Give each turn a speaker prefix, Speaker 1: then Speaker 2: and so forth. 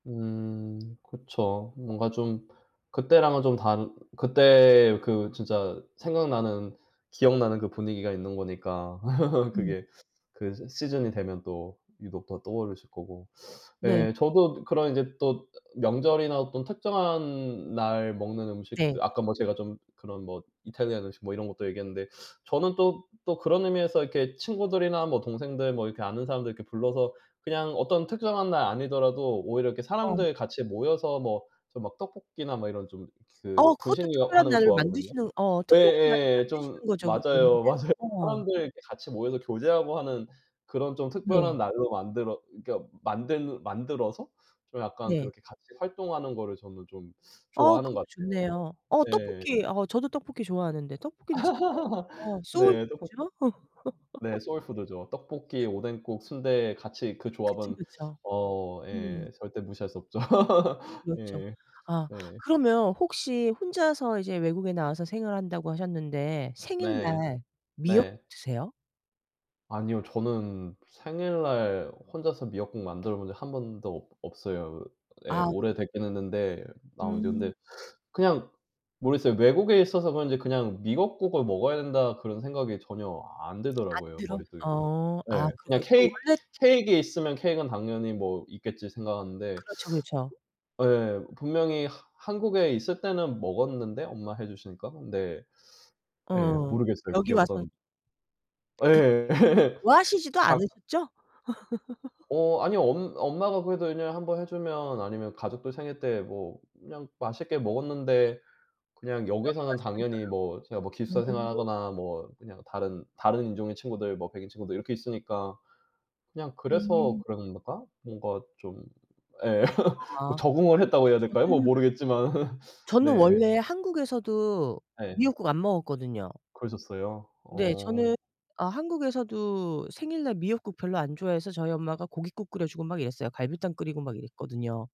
Speaker 1: 음. 그쵸. 뭔가 좀 그때랑은 좀 다른 그때 그 진짜 생각나는 기억나는 그 분위기가 있는 거니까.
Speaker 2: 음.
Speaker 1: 그게 그래서 시즌이 되면 또 유독 더 떠오르실 거고.
Speaker 2: 네.
Speaker 1: 예. 저도 그런 이제 또 명절이나 어떤 특정한 날 먹는
Speaker 2: 네.
Speaker 1: 음식들 아까 뭐 제가 좀 그런 뭐 이탈리안 음식 뭐 이런 것도 얘기했는데 저는 또, 또 그런 의미에서 이렇게 친구들이나 뭐 동생들 뭐 이렇게 아는 사람들 이렇게 불러서 그냥 어떤 특정한 날 아니더라도 오히려 이렇게
Speaker 2: 어.
Speaker 1: 사람들 같이 모여서 뭐 저 막 떡볶이나 뭐 이런 좀 그
Speaker 2: 어 그것도
Speaker 1: 분식류
Speaker 2: 특별한
Speaker 1: 하는 거
Speaker 2: 날을
Speaker 1: 좋아하거든요.
Speaker 2: 만드시는 어 특별한 날을
Speaker 1: 예예 좀
Speaker 2: 만드시는 거죠 그게.
Speaker 1: 맞아요, 맞아요.
Speaker 2: 어.
Speaker 1: 사람들 이제 같이 모여서 교제하고 하는 그런 좀
Speaker 2: 네.
Speaker 1: 특별한 날로 만들어 그러니까 만든 만들어서 좀 약간
Speaker 2: 네.
Speaker 1: 그렇게 같이 활동하는 거를 저는 좀
Speaker 2: 어
Speaker 1: 좋아하는
Speaker 2: 그것도
Speaker 1: 것 같아요.
Speaker 2: 좋네요. 어
Speaker 1: 네.
Speaker 2: 떡볶이. 어 저도 떡볶이 좋아하는데 떡볶이는 진짜 어 소울
Speaker 1: 네 떡볶
Speaker 2: 푸드죠?
Speaker 1: 네 소울 푸드죠. 떡볶이, 오뎅국, 순대 같이 그
Speaker 2: 그쵸,
Speaker 1: 조합은
Speaker 2: 그쵸.
Speaker 1: 어
Speaker 2: 음.
Speaker 1: 예 절대 무시할 수 없죠.
Speaker 2: 그렇죠.
Speaker 1: 예.
Speaker 2: 아
Speaker 1: 예.
Speaker 2: 그러면 혹시 혼자서 이제 외국에 나와서 생활을 한다고 하셨는데
Speaker 1: 네.
Speaker 2: 생일날 미역
Speaker 1: 네.
Speaker 2: 드세요?
Speaker 1: 아니요. 저는 생일날 혼자서 미역국 만들어 본 적 1 번도 없 없어요. 예.
Speaker 2: 아
Speaker 1: 오래
Speaker 2: 그래요?
Speaker 1: 되긴 했는데 나온 지.
Speaker 2: 음.
Speaker 1: 근데 그냥 모르겠어요. 외국에 있어서 그런지 그냥 '미역국을 먹어야 된다.' 그런 생각이 전혀 안
Speaker 2: 안
Speaker 1: 들더라고요
Speaker 2: 들어?
Speaker 1: 머릿속에.
Speaker 2: 어. 아
Speaker 1: 예. 그냥
Speaker 2: 그러니까 그
Speaker 1: 케익
Speaker 2: 원래
Speaker 1: 케익이 있으면 '케익은 당연히 뭐 있겠지.' 생각하는데
Speaker 2: 그렇죠, 그렇죠.
Speaker 1: 예. 분명히 하 한국에 있을 때는 먹었는데 엄마가 해 주시니까 근데 예
Speaker 2: 어.
Speaker 1: 모르겠어요. 그게
Speaker 2: 여기 와서
Speaker 1: 어떤
Speaker 2: 그렇게
Speaker 1: 예.
Speaker 2: 미역국 좋아하시지도
Speaker 1: 다
Speaker 2: 않으셨죠?
Speaker 1: 어 아니요 엄 엄마가 그래도 1 년에 1 번 해 주면 아니면 가족들 생일 때 뭐 그냥 맛있게 먹었는데 그냥
Speaker 2: 여기
Speaker 1: 여기서는
Speaker 2: 와서는
Speaker 1: 당연히 뭐 제가 뭐 기숙사
Speaker 2: 별로. 어.
Speaker 1: 생활하거나 뭐 그냥 다른 다른 인종의 친구들 뭐 백인 친구들 이렇게 있으니까 그냥 그래서
Speaker 2: 음.
Speaker 1: 그런가? 뭔가 좀 예. 뭐
Speaker 2: 아.
Speaker 1: 적응을
Speaker 2: 아니
Speaker 1: 했다고
Speaker 2: 근데
Speaker 1: 해야 될까요? 뭐
Speaker 2: 저는
Speaker 1: 모르겠지만.
Speaker 2: 저는
Speaker 1: 네.
Speaker 2: 원래 한국에서도
Speaker 1: 예.
Speaker 2: 미역국 안 먹었거든요.
Speaker 1: 그러셨어요?
Speaker 2: 네.
Speaker 1: 어.
Speaker 2: 저는 아 한국에서도 생일날 미역국 별로 안 좋아해서 저희 엄마가 고깃국 끓여 주고 막 이랬어요. 갈비탕 끓이고 막 이랬거든요.